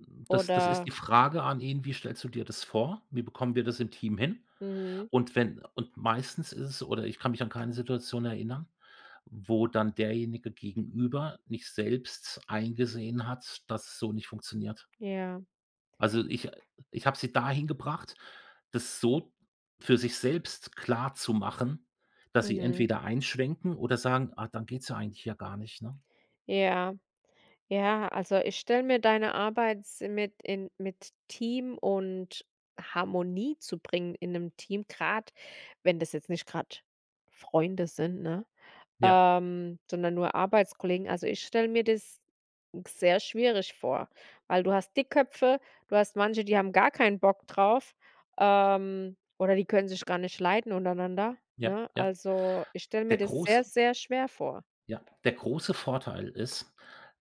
Hm, das das ist die Oder Frage an ihn: „Wie stellst du dir das vor? Wie bekommen wir das im Team hin?“ Mhm. Und wenn und meistens ist es oder ich kann mich an keine Situation erinnern, wo dann Derjenige gegenüber nicht selbst eingesehen hat, dass es so nicht funktioniert. Ja. Also, ich äh, ich habe sie dahin gebracht, das so für sich selbst klarzumachen, dass sie Mhm. entweder einschwenken oder sagen: „Ah, dann geht's ja eigentlich hier gar nicht, ne?“ Ja, ja, also, ich stelle mir deine Arbeit s mit in mit Team und Harmonie zu bringen in 'nem Team, grad, wenn das jetzt nicht grad Freunde sind, ne, Ja. ähm, sondern nur Arbeitskollegen also, ich stelle mir das sehr schwierig vor, weil du hast Dickköpfe, du hast manche, die haben gar keinen Bock drauf, ähm, oder die können sich gar nicht leiden untereinander, Ja, ne? ja. Also, ich stelle Der mir das große sehr, sehr schwer vor. ja, der große Vorteil ist,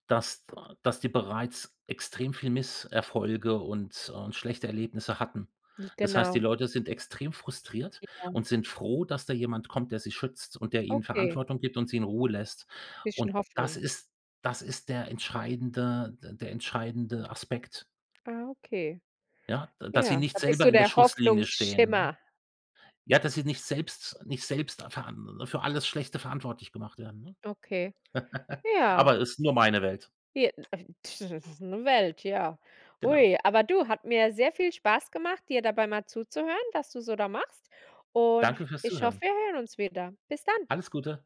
dass da dass die bereits extrem viel Misserfolge und, äh und schlechte Erlebnisse hatten. J Das heißt, die genau. Leute sind extrem frustriert Ja. und sind froh, dass da jemand kommt, der sie schützt und der ihnen Okay. Verantwortung gibt und sie in Ruhe lässt und Bisschen das Hoffnung. ist das ist der entscheidende d der entscheidende Aspekt Ah, okay, ja, da dass sie ja, da nicht bist selber du in der der Schusslinie stehen, ne? Hoffnungsschimmer. Ja, dass sie nicht selbst nicht selbst für an für alles Schlechte verantwortlich gemacht werden, ne? Okay, ja. Aber ist nur meine Welt. J äh, das ist 'ne Welt, ja. Genau. Hui, aber du, hat mir sehr viel Spaß gemacht, dir dabei mal zuzuhören, dass du so da machst und Danke fürs ich Zuhören. hoffe, wir hören uns wieder. Bis dann. Alles Gute.